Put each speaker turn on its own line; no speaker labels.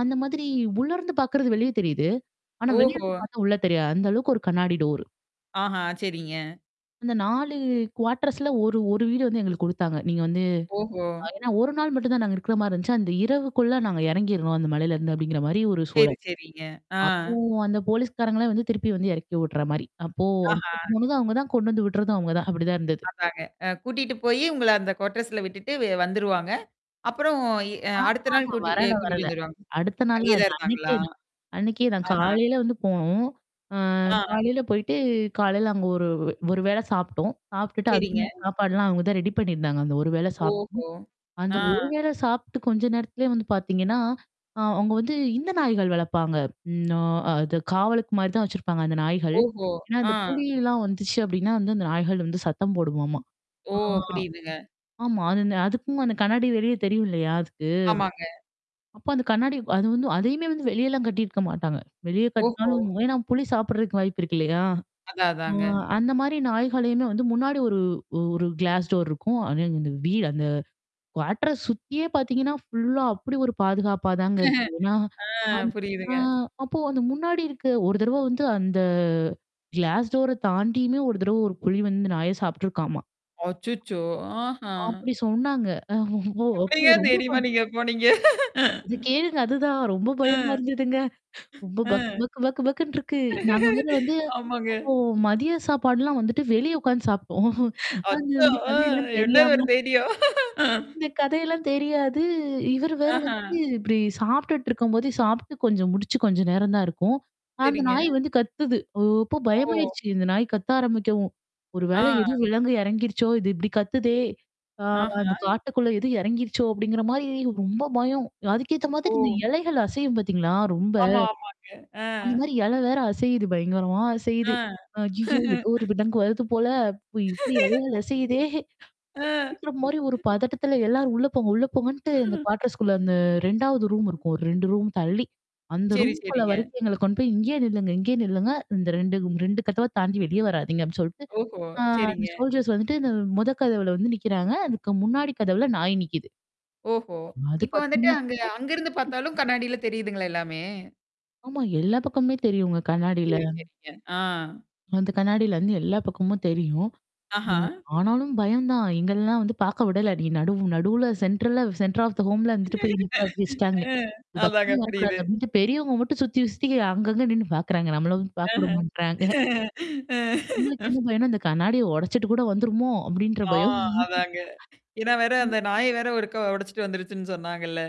அந்த மாதிரி உள்ள இருந்து பாக்குறது வெளிய தெரியுது. ஆனா, வெளிய
ஓஹோ!
இருந்து பார்த்தா உள்ள தெரியா அந்த அளவுக்கு ஒரு கண்ணாடி டோரு.
ஆஹா! சரிங்க.
அந்த 4 குவார்டர்ஸ்ல ஒரு, ஒரு வீடு வந்து எங்களுக்கு குடுத்தாங்க. நீங்க வந்து.
ஓஹோ!
அ ஏன்னா ஒரு நாள் மட்டும் தான் நாங்க இருக்கிறமாரி இருந்துச்சு. அந்த இரவுக்குள்ள நாங்க இறங்கிர்றோம் அந்த மலையில இருந்து அப்பிடிங்கிறமாரி ஒரு
சரி,
சூழல்.
சரிங்க. ஆ.
அப்போ அந்த போலீஸ்காரங்களே வந்து திருப்பி வந்து இறக்கி விட்றமாரி. அப்போ அவுங்க
ஆஹா!
[unintelligible] அவுங்க தான் கொண்டு வந்து விட்றதும் அவுங்க தான். அப்பிடிதான் இருந்தது.
அதாங்க. அ கூட்டிட்டு போயி உங்கள அந்த கோட்டர்ஸ்ல விட்டுட்டு வெ வந்துருவாங்க. அப்புறம் எ அ
ஆமா,
அடுத்த நாள்
ஆமா.
கூட்டி எ
வரல,
கூட்டிட்டு
வரல.
வந்துருவாங்க.
அடுத்த நாள்லாம் இல்ல.
அங்கேதான்
அன்னக்கே
இருந்காங்களா?
தான். அன்னக்கே நான்
ஆஹ!
காலையில வந்து போனோம். அ
ஆ.
காலையில போயி்ட்டு காலையில அங்க ஒரு வே, ஒரு வேள சாப்புட்டோம். சாப்புட்டுட்டு அதுமே
சரிங்க.
சாப்பாடுலாம் அங்க தான் ரெடி பண்ணியிருந்தாங்க. அந்த ஒரு வேள சாப்
ஓஹோ! ஆ.
அந்த ஒரு வேளை சாப்பிட்டு கொஞ்ச நேரத்திலேயே வந்து பார்த்தீங்கன்னா, ஆ அவுங்க வந்து இந்த நாய்கள் வளர்ப்பாங்க. ம் ஆ, அது காவலுக்குமாரி தான் வச்சிருப்பாங்க அந்த நாய்கள்.
ஓஹோ!
ஏன்னா,
ஆ.
அந்த புலியிலாம் வந்துச்சு அப்பிடின்னா வந்து அந்த நாய்கள் வந்து சத்தம் போடுமாமாம்!
ஓ!
ஆ
புரியுதுங்க.
ஆமா. அது இந்த அதுக்கும் அந்த கண்ணாடி வெளியே தெரியும் இல்லயா! அதுக்கு?
ஆமாங்க.
அப்ப அந்த கண்ணாடி அது வந்து அதையுமேல் வந்து வெளியெல்லாம் கட்டியிருக்க மாட்டாங்க. வெளிய
ஓஹோ!
கட்னாலும் ஏன்னா புலி சாப்படுறதுக்கு வாய்ப்பு இருக்கு இல்லயா!
அதான்,
அ
அதாங்க.
அந்தமாரி நாய்களையுமே வந்து முன்னாடி ஒரு, ஒரு கிளாஸ் டோர் இருக்கும். [unintelligible] இந்த வீடு அந்த குவார்டர்ஸ் சுத்தியே பார்த்தீங்கன்னா, ஃபுல்லா அப்பிடி ஒரு பாதுகாப்பா தாங்க இருக்கு. ஏன்னா
ஆ,
நான் ஆ
புரியுதுங்க.
அப்போ அந்த முன்னாடி இருக்க ஒரு தடவ வந்து அந்த கிளாஸ் டோர தாண்டியுமே ஒரு தடவ ஒரு புலி வந்து நாய சாப்ட்டுருக்காமா!
அச்சச்சோ! ஆஹா!
அப்பிடி சொன்னாங்க. அ அப்போ
எப்பிடிங்க
ரொம்ப
தைரியமா
ப
நீங்க போனீங்க?
அத கேளுங்க. அதுதான். ரொம்ப
அ
பயமா இருந்ததுங்க. ரொம்ப
அ.
பக், பக், பக்க பக்குன்றுருக்கு. நாங்க மொதல்ல வந்து
ஆமாங்க.
அப்போ மதிய சாப்பாடுலாம் வந்துட்டு வெளியே உட்கார்ந்து சாப்புட்டோம். அது
அச்சோ!
இந்த
அ
கதையெல்லாம்
என்னது ஒரு
தெரியாம.
தைரியம்?
இந்த கதையெல்லாம் தெரியாது. இவரு வேற வந்து
அஹா!
இப்பிடி சாப்ட்டுட்டு இருக்கும்போத சாப்புட்டு கொஞ்சம் முடிச்சு கொஞ்சம் நேரம் தான் இருக்கும். அந்த
சரிங்க.
நாய் வந்து கத்துது. ஓ! அப்போ
ஓ!
பயமாயிருச்சு. இந்த நாய் கத்த ஆரம்பிக்கவும். ஒரு
ஆ.
வேள எதுவும் விலங்கு எறங்கிருச்சோ! இது இப்பிடி கத்துதே! ஆ
ஆஹா!
அந்த காட்டுக்குள்ள எதுவும் இறங்கிருச்சோ! அப்பிடிங்கிற மாரி ரொம்ப பயம். அதுக்கேத்த
ஓ!
மாதிரி இந்த இலைகள் அசையும் பார்த்தீங்களா? ரொம்ப.
ஆமா, ஆமாங்க. அ.
அந்தமாரி இல வேற அசையுது பயங்கரமா அசையுது.
அ.
ஐய்யய்யோ! ஏதோ ஒரு விலங்கு வருது போல அப்பிடி, இப்படி எதோ அசையுதே!
அ.
[unintelligible] மாரி ஒரு பதட்டத்தில, "எல்லாரும் உள்ள போங்க! உள்ள போங்கன்ட்டு!" அந்த குவாட்டர்ஸ்குள்ள அந்த 2வது ரூம் இருக்கும். ஒரு ரூம் தள்ளி. அந்த
சரி,
ரூம்க்குள்ள
சரிங்க.
வரைக்கு எங்கள கொண்டு போய், "இங்கே நில்லுங்க! இங்கே நில்லுங்க! இந்த 2, 2 [unintelligible] கதவ தாண்டி வெளியே வராதீங்கன்னு!" சொலட்டு,
ஓஹோ!
ஆ அந்த
சரிங்க.
சோல்ஜர்ஸ் வந்துட்டு இந்த மொத கதவுல வந்து நிக்கிறாங்க. அதுக்கு முன்னாடி கதவுல நாய் நிக்குது.
ஓஹோ!
அது
இப்ப வந்துட்டு
பார்த்தீங்கன்னா,
அங்க
கத்து,
அங்கருந்து
கத்துன்னு
பார்த்தாலும் கண்ணாடில தெரியுதுங்களா எல்லாமே?
ஆமா. எல்லா பக்கமுமே தெரியுங்க கண்ணாடில.
சரி, சரிங்க. ஆ.
அந்த கண்ணாடிலருந்து எல்லா பக்கமும் தெரியும்.
அஹா!
ம் ஆனாலும் பயம் தான். எங்கள்லாம் வந்து பார்க்க விடல. நீ நடுவு நடுவுல சென்ட்ரல்ல சென்ட்ர் ஆப் த ஹோம்ல வந்துட்டு போய் [unintelligible] வச்சுட்டாங்க.
அ
இந்த
அதாங்க.
பக்கமே வரக்கூடாது.
புரியுது.
அப்பிடின்ட்டு பெரியவுங்க மட்டும் சுத்தி, சுத்தி அங்கங்க நின்னு பார்க்குறாங்க. நம்மள வந்து
அஹ.
பார்க்கவுட மாட்றாங்க.
அ.
எங்களுக்கு என்ன பயம்ன்னா, "இந்த கண்ணாடிய உடச்சுட்டு கூட வந்துருமோ!" அப்பிடின்ற
ஆ
பயம்.
அதாங்க. ஏன்னா வேற
ம்.
அந்த நாய வேற ஒருக்கா உடைச்சுட்டு வந்துருச்சுன்னு சொன்னாங்கல்ல.